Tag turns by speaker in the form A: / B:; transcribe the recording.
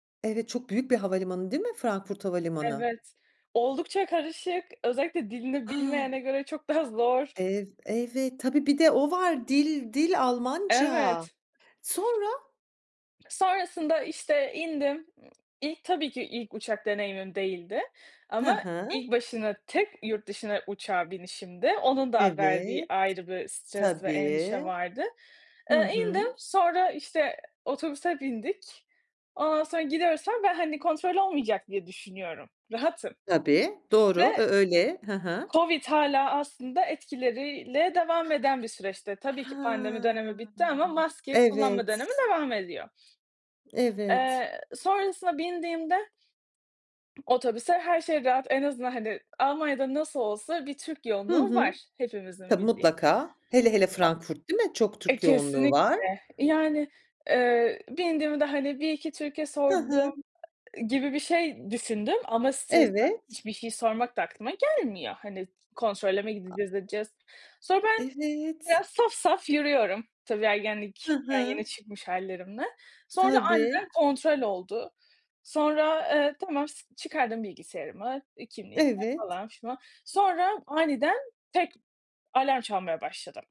A: Evet, çok büyük bir havalimanı, değil mi Frankfurt havalimanı?
B: Evet oldukça karışık, özellikle dilini
A: A!
B: bilmeyene göre çok daha zor.
A: Ev evet. Tabii, bir de o var dil dil Almanca.
B: Evet.
A: Sonra?
B: Sonrasında, işte, indim. Imm, ilk, tabii ki, ilk uçak deneyimim değildi
A: Hı
B: ama
A: hı.
B: ilk başına tek yurt dışına uçağa binişimdi. Onun da verdiği
A: Evet.
B: ayrı bir stres ve
A: Tabii.
B: endişe vardı.
A: Hı
B: Iıı, indim,
A: hı.
B: sonra, işte, otobüse bindik. Ondan sonra gidiyoruz falan ama ben, hani, kontrol olmayacak diye düşünüyorum, rahatım
A: Tabii,
B: ve
A: doğru. Ö öyle. Hı hı.
B: Covid hâlâ aslında etkileriyle devam eden bir süreçti. Tabii ki pandemi dönemi
A: Hıı.
B: bitti ama maske kullanma dönemi
A: Evet.
B: devam ediyor.
A: Evet.
B: Eee, sonrasında bindiğimde, ııı, otobüse her şey rahat, en azından, hani, Almanya'da nasıl olsa bir Türk
A: Hı
B: yoğunluğu
A: hı.
B: var hepimizin
A: Tabii,
B: bildiği.
A: mutlaka. Hele hele Frankfurt, değil mi? Çok
B: O E,
A: Türk yoğunluğu var.
B: kesinlikle, yani, ııı, bindiğimde hani 1 2 Türk'e
A: Hı
B: sordum,
A: hı.
B: ııı, gibi bir şey düşündüm ama stresten
A: Evet.
B: hiçbir şey sormak da aklıma gelmiyor. Hani, kontrole mi
A: A
B: gideceğiz, edeceğiz. Sonra ben
A: Evet.
B: biraz saf saf yürüyorum, tabii,
A: Hı
B: ergenlikten
A: hı.
B: yeni çıkmış hâllerimle. Sonra
A: Tabii.
B: aniden kontrol oldu. Sonra, eee, tamam, s çıkardım bilgisayarımı, iii, kimliğimi
A: Evet.
B: falan filan. Sonra aniden tek alarm çalmaya başladı.